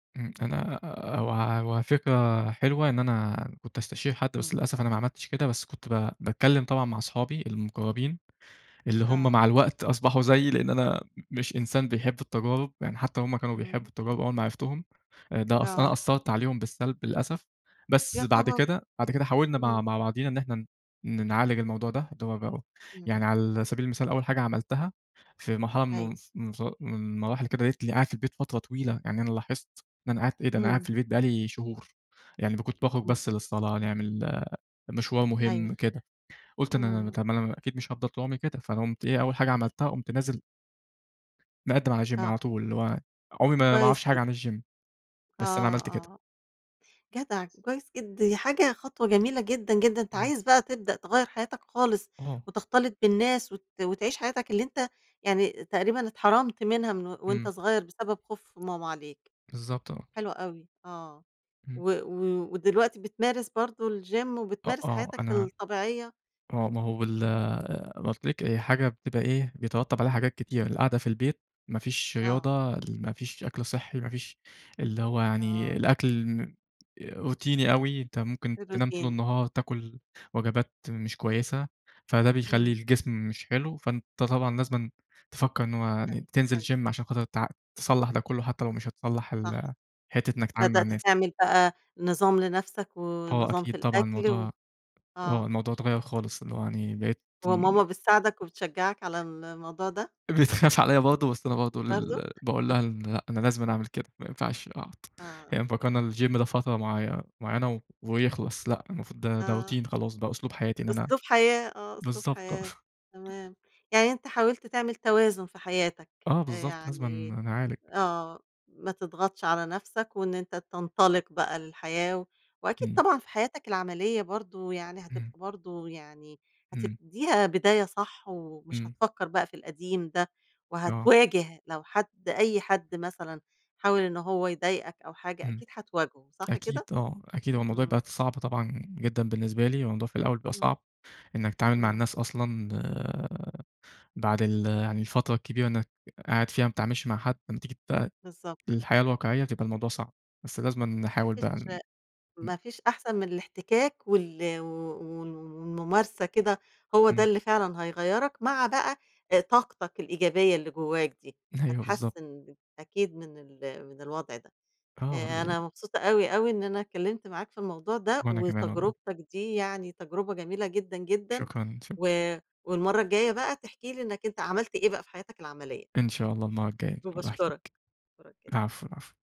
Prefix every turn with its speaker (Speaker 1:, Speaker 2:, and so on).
Speaker 1: امم. أنا، آآ، هو هو فكرة حلوة إن أنا كنت استشير حد، بس
Speaker 2: إمم.
Speaker 1: للأسف أنا ما عملتش كده، بس كنت ب باتكلم طبعًا مع أصحابي المقربين، اللي هُم
Speaker 2: آه.
Speaker 1: مع الوقت أصبحوا زييِّ لأن أنا مش إنسان بيحب التجارب، يعني حتى هُم كانوا بيحبّوا
Speaker 2: امم.
Speaker 1: التجارب أول ما عرفتهم، ده أنا
Speaker 2: آه.
Speaker 1: أثّرت عليهم بالسلب للأسف، بس
Speaker 2: يا
Speaker 1: بعد
Speaker 2: خبر!
Speaker 1: كده، بعد كده حاولنا مع
Speaker 2: امم.
Speaker 1: مع بعضينا إن إحنا ن نعالج الموضوع ده، اللي هو بقى أهو، يعني
Speaker 2: امم.
Speaker 1: على سبيل المثال أول حاجة عملتها في مرحلة
Speaker 2: أيوه.
Speaker 1: من ف من المراحل كده لقيتني قاعد في البيت فترة طويلة، يعني أنا لاحظت إن أنا قعدت إيه ده؟! أنا قاعد
Speaker 2: امم.
Speaker 1: في البيت بقى لي شهور! يعني ب كُنت باخرج
Speaker 2: امم.
Speaker 1: بس للصلاة، نعمل مشوار
Speaker 2: أيوه،
Speaker 1: مهم كده. قُلت إن أنا ما
Speaker 2: امم.
Speaker 1: طَب ما أنا أكيد مش هافضل طول عمري كده، فقمت إيه أول حاجة عملتها قُمت نازل مقدّم على Gym
Speaker 2: آه.
Speaker 1: على طول اللي هو عمري ما ما أعرفش
Speaker 2: كويس
Speaker 1: حاجة
Speaker 2: جدًا.
Speaker 1: عن الGym بس أنا
Speaker 2: آه،
Speaker 1: عملت كده.
Speaker 2: آه. جدع، كويس جد دي حاجة خطوة جميلة جدًا، جدًا، أنت
Speaker 1: امم.
Speaker 2: عايز بقى تبدأ تغيّر حياتك خالص
Speaker 1: آه.
Speaker 2: وتختلط بالناس وت وتعيش حياتك اللي أنت يعني تقريبًا اتحرمت منها من و وأنت
Speaker 1: امم.
Speaker 2: صغير بسبب خوف ماما عليك.
Speaker 1: بالضبط، آه.
Speaker 2: حلو أوي، آه،
Speaker 1: امم.
Speaker 2: و و ودلوقتي بتمارس برضه الGym
Speaker 1: أ
Speaker 2: وبتمارس
Speaker 1: آه
Speaker 2: حياتك
Speaker 1: أنا
Speaker 2: الطبيعية؟
Speaker 1: آه ما هو بال
Speaker 2: امم.
Speaker 1: قُلت لِك هي حاجة بتبقى إيه بيترتب عليها حاجات كتير، القعدة في البيت ما فيش
Speaker 2: آه.
Speaker 1: رياضة، ما فيش أكل صحّي، ما فيش اللي هو يعني
Speaker 2: آه.
Speaker 1: الأكل مم روتيني أوي، أنت ممكن تنام طول
Speaker 2: الRoutine
Speaker 1: النهار، تاكل وجبات مش كويسة، فده بيخلّي
Speaker 2: امم.
Speaker 1: الجسم مش حلو، فأنت طبعًا لازمًا تفكّر إن هو يعني
Speaker 2: طيب،
Speaker 1: تنزل
Speaker 2: طيب.
Speaker 1: Gym عشان خاطر ت تصَلّح ده كلّه حتى لو مش هتصَلّح
Speaker 2: صح.
Speaker 1: ال حتة إنّك تتعامل مع
Speaker 2: بدأت
Speaker 1: الناس.
Speaker 2: تعمل بقى نظام لنفسك
Speaker 1: آه
Speaker 2: ونظام في
Speaker 1: أكيد طبعًا
Speaker 2: الأكل و
Speaker 1: الموضوع آه
Speaker 2: آه.
Speaker 1: الموضوع اتغَّير خالص، اللي هو يعني بقيت امم.
Speaker 2: وماما بتساعدك وبتشجعك على الموضوع ده؟
Speaker 1: بتخاف عليَّ برضه، بس أنا برضه
Speaker 2: برضه؟
Speaker 1: ال باقول لها إن لأ، أنا لازمًا أعمل كده، ما ينفعش أقعُد.
Speaker 2: آه.
Speaker 1: هي مفكّرة إن الGym ده فترة معي معيّنة ويخلص، لأ المفروض ده ده
Speaker 2: آه،
Speaker 1: Routine خلاص بقى أسلوب حياتي إن
Speaker 2: أ
Speaker 1: أنا
Speaker 2: أسلوب حياة، آه، أسلوب
Speaker 1: بالضبط آه.
Speaker 2: حياة، تمام. يعني أنت حاولت تعمل توازن في حياتك،
Speaker 1: آه
Speaker 2: أ
Speaker 1: بالضبط، لازمًا
Speaker 2: يعني
Speaker 1: ن نعالج.
Speaker 2: آه، ما تضغطش على نفْسك وإن أنت تنطلق بقى للحياة، وأكيد
Speaker 1: إمم.
Speaker 2: طبعًا في حياتك العملية برضه يعني
Speaker 1: إمم.
Speaker 2: هتبقى برضه يعني
Speaker 1: امم.
Speaker 2: هتبتديها بداية صح ومش
Speaker 1: إمم.
Speaker 2: هتفكّر بقى في القديم ده
Speaker 1: آه.
Speaker 2: وهتواجه لو حد أي حد مثلًا حاول إن هو يضايقك أو حاجة
Speaker 1: امم،
Speaker 2: أكيد هتواجهه، صح
Speaker 1: أكيد
Speaker 2: كده؟
Speaker 1: آه، أكيد هو الموضوع
Speaker 2: إمم.
Speaker 1: بقت صعب طبعًا جدًا بالنسبة لي، الموضوع في الأول بيبقى
Speaker 2: إمم.
Speaker 1: صعب، إنّك تتعامل مع
Speaker 2: إمم.
Speaker 1: الناس أصلًا، آآ، بعد ال يعني الفترة الكبيرة إنّك قاعد فيها ما بتتعاملش مع حد، لمّا تيجي بقى
Speaker 2: بالضبط.
Speaker 1: للحياة الواقعية بتبقى الموضوع صعب، بس لازمًا
Speaker 2: ما
Speaker 1: نحاول بقى
Speaker 2: فيش
Speaker 1: إن امم.
Speaker 2: ما فيش أحسن من الاحتكاك وال و و و والممارسة كده، هو ده
Speaker 1: إمم.
Speaker 2: اللي فعلًا هيغَيّرك، مع بقى طاقتك الإيجابية اللي جواك دي،
Speaker 1: أيوه بالضبط.
Speaker 2: هتحسِّن أكيد من ال من الوضع ده.
Speaker 1: آه
Speaker 2: آآ
Speaker 1: ال
Speaker 2: أنا مبسوطة أوي، أوي إن أنا اتكلّمت معاك في الموضوع ده،
Speaker 1: وأنا كمان والله.
Speaker 2: وتجربتك دي يعني تجربة جميلة جدًا، جدًا،
Speaker 1: شكرًا متش
Speaker 2: و والمرة الجاية بقى تحكِي لي إنّك أنت عملت إيه بقى في حياتك العملية
Speaker 1: إن شاء الله المرة الجاية أبقى أحكي
Speaker 2: وباشكرك،
Speaker 1: لِك.
Speaker 2: أشكرك جدًا.
Speaker 1: العفو، العفو.